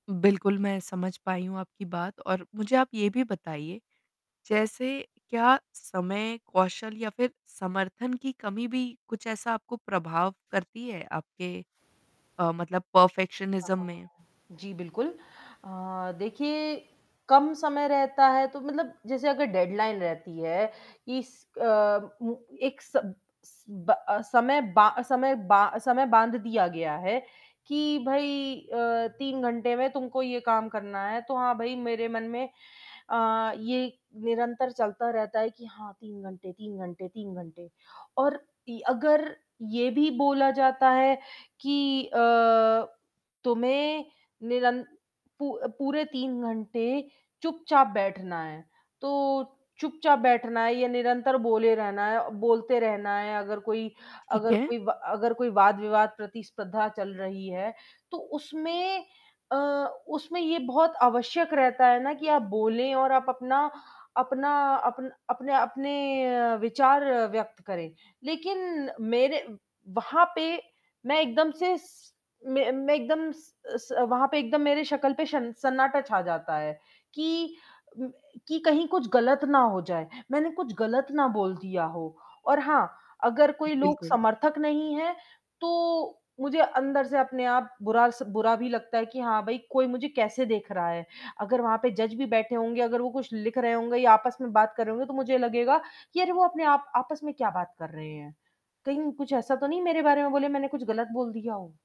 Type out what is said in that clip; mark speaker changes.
Speaker 1: बिल्कुल मैं समझ पाई हूँ आपकी बात और मुझे आप ये भी बताइए जैसे क्या समय, कौशल या फ़िर समर्थन की कमी भी कुछ ऐसा आपको प्रभाव करती है आपके अ, मतलब
Speaker 2: हाँ,
Speaker 1: परफ़ेक्शनिज्म में?
Speaker 2: हाँ। जी बिल्कुल। अ, देखिए कम समय रहता है तो मतलब जैसे अगर डेडलाइन रहती है कि स अ, उ एक स ब समय बा समय बा समय बांध दिया गया है कि भई अ, 3 घंटे में तुमको ये काम करना है, तो हाँ भाई मेरे मन में अ, ये निरंतर चलता रहता है कि हाँ, 3 घंटे, 3 घंटे, 3 घंटे और इ अगर ये भी बोला जाता है कि अ, तुम्हें निरंत पू पूरे 3 घंटे चुपचाप बैठना है। तो चुपचाप बैठना है या निरंतर बोले रहना है बोलते रहना है अगर कोई
Speaker 1: ठीक
Speaker 2: अगर
Speaker 1: है।
Speaker 2: कोई अगर कोई वाद-विवाद प्रतिस्पर्धा चल रही है तो उसमें अ, उसमें ये बहुत आवश्यक रहता है ना कि आप बोले और आप अपना अपना अप अपने अपने विचार व्यक्त करें। लेक़िन मेरे वहाँ पे मैं एकदम से स मैं मैं एकदम स स वहाँ पे एकदम मेरी शक्ल पे शन सन्नाटा छा जाता है कि कि कहीं कुछ ग़लत ना हो जाए। मैंने कुछ ग़लत ना बोल दिया हो, और हाँ अगर कोई लोग
Speaker 1: बिल्कुल।
Speaker 2: समर्थक नहीं हैं, तो मुझे अंदर से अपने आप बुरा स बुरा भी लगता है कि हाँ भाई कोई मुझे कैसे देख रहा है। अगर वहाँ पे जज भी बैठे होंगे, अगर वो कुछ लिख रहे होंगे या आपस में बात कर रहे होंगे तो मुझे लगेगा कि अरे वो अपने आप आपस में क्या बात कर रहे हैं? कहीं कुछ ऐसा तो नहीं मेरे बारे में बोले मैंने कुछ ग़लत बोल दिया हो?